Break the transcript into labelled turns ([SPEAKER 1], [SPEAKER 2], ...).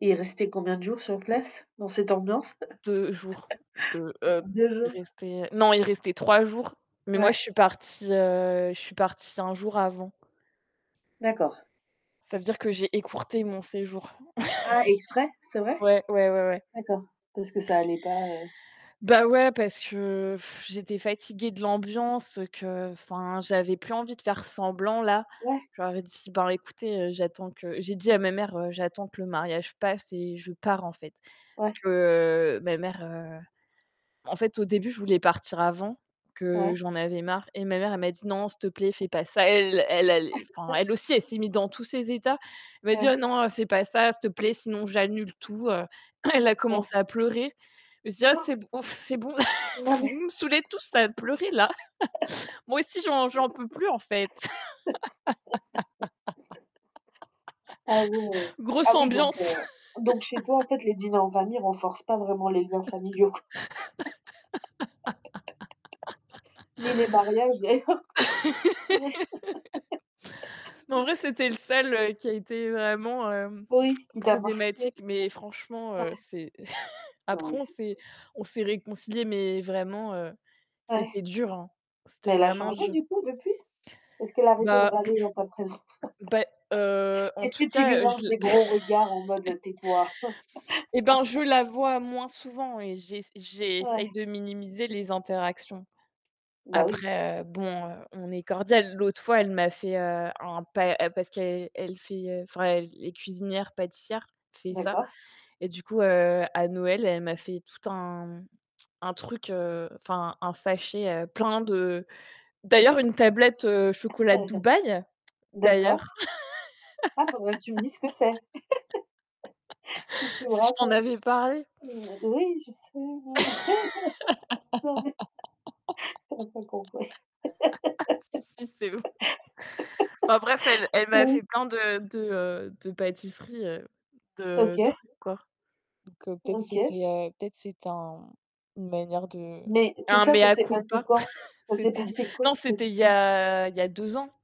[SPEAKER 1] Et il restait combien de jours sur place, dans cette ambiance?
[SPEAKER 2] 2 jours, 2, heu,
[SPEAKER 1] 2
[SPEAKER 2] il
[SPEAKER 1] jours.
[SPEAKER 2] restait, non, il restait 3 jours, mais moi,
[SPEAKER 1] Ouais.
[SPEAKER 2] je suis partie, heu, je suis partie 1 jour avant.
[SPEAKER 1] D'accord.
[SPEAKER 2] Ça veut dire que j'ai écourté mon séjour.
[SPEAKER 1] Ah, exprès, c'est vrai?
[SPEAKER 2] Ouais, ouais, ouais, ouais.
[SPEAKER 1] D'accord, parce que ça allait pas, heu
[SPEAKER 2] Bah, ouais, parce que je j'étais fatiguée de l'ambiance qu'enfin, j'avais plus envie de faire semblant, là.
[SPEAKER 1] Ouais.
[SPEAKER 2] Je leur ai dit: «Bah, écoutez, j'attends que» j'ai dit à ma mère: «J'attends que le mariage passe et je pars, en fait». Parce
[SPEAKER 1] Ouais.
[SPEAKER 2] que ma mère, en fait, au début, je voulais partir avant que
[SPEAKER 1] Ouais.
[SPEAKER 2] j'en avais marre et ma mère, elle m'a dit: «Non, s'il te plaît, fais pas ça». Elle elle allait enfin, elle aussi, elle s'est mise dans tous ses états. Elle m'a dit:
[SPEAKER 1] Ouais.
[SPEAKER 2] «Oh non, fais pas ça, s'il te plaît, sinon j'annule tout». Elle a
[SPEAKER 1] Ouais.
[SPEAKER 2] commencé à pleurer. Je me suis dit: «Ah,
[SPEAKER 1] Quoi?
[SPEAKER 2] c'est bon c'est bon
[SPEAKER 1] Non mais
[SPEAKER 2] Vous me saoulez tous à pleurer, là. Moi aussi, j'en j'en peux plus, en fait».
[SPEAKER 1] ah ouais!
[SPEAKER 2] Grosse
[SPEAKER 1] Oui, donc,
[SPEAKER 2] ambiance.
[SPEAKER 1] heu, donc chez toi, en fait, les dîners en famille renforcent pas vraiment les liens familiaux, quoi ni les mariages, d'ailleurs. Ouais.
[SPEAKER 2] Mais, en vrai, c'était le seul qui a été vraiment, hem,
[SPEAKER 1] Oui, il t'a marqué.
[SPEAKER 2] problématique, mais
[SPEAKER 1] [unintelligible]
[SPEAKER 2] franchement,
[SPEAKER 1] Ouais.
[SPEAKER 2] heu, c'est
[SPEAKER 1] Non
[SPEAKER 2] après,
[SPEAKER 1] mais
[SPEAKER 2] on
[SPEAKER 1] c'est
[SPEAKER 2] s'est
[SPEAKER 1] pas
[SPEAKER 2] on s'est réconciliés, mais vraiment, heu, c'était
[SPEAKER 1] Ouais.
[SPEAKER 2] dur, hein. C'était
[SPEAKER 1] Mais elle a
[SPEAKER 2] vraiment
[SPEAKER 1] changé,
[SPEAKER 2] dur.
[SPEAKER 1] du coup, depuis? Est-ce qu'elle a arrêté de
[SPEAKER 2] Bah,
[SPEAKER 1] râler en ta présence?
[SPEAKER 2] beh, heu, en
[SPEAKER 1] Est-ce
[SPEAKER 2] tout
[SPEAKER 1] que tu lui
[SPEAKER 2] cas, heu, je
[SPEAKER 1] lances
[SPEAKER 2] la
[SPEAKER 1] des gros regards en mode: «Tais-toi»?
[SPEAKER 2] et ben, je la vois moins souvent et j'ess j'essaye
[SPEAKER 1] Ouais.
[SPEAKER 2] de minimiser les interactions.
[SPEAKER 1] Bah, oui.
[SPEAKER 2] Après, heu, bon, heu, on est cordial. L'autre fois, elle m'a fait, heu, un pa parce qu'elle elle fait, enfin, elle est cuisinière-pâtissière, fait ça.
[SPEAKER 1] D'accord.
[SPEAKER 2] Et du coup, heu, à Noël, elle m'a fait tout un un truc, enfin, un sachet, heu, plein de d'ailleurs, une tablette chocolat de
[SPEAKER 1] [unintelligible]
[SPEAKER 2] Dubaï,
[SPEAKER 1] D'accord.
[SPEAKER 2] d'ailleurs.
[SPEAKER 1] Ah, il faudrait que tu me dises ce que c'est, que tu me
[SPEAKER 2] Si, je t'en
[SPEAKER 1] racontes.
[SPEAKER 2] avais parlé.
[SPEAKER 1] Mmh, oui, je sais, ouais non mais tu aurais pas compris.
[SPEAKER 2] Si, si, c'est ouf, enfin bref, elle elle m'a
[SPEAKER 1] Oh, oui.
[SPEAKER 2] fait plein de de, heu, de pâtisseries, heu, de
[SPEAKER 1] OK.
[SPEAKER 2] trucs, quoi. Donc peut-être
[SPEAKER 1] OK.
[SPEAKER 2] c'était peut-être c'est un une manière de
[SPEAKER 1] Mais tout
[SPEAKER 2] un
[SPEAKER 1] ça, ça
[SPEAKER 2] mea
[SPEAKER 1] s'est passé
[SPEAKER 2] culpa.
[SPEAKER 1] quand? Ça s'est
[SPEAKER 2] C'était
[SPEAKER 1] passé quand
[SPEAKER 2] non,
[SPEAKER 1] cette
[SPEAKER 2] c'était il y
[SPEAKER 1] histoire?
[SPEAKER 2] a il y a 2 ans.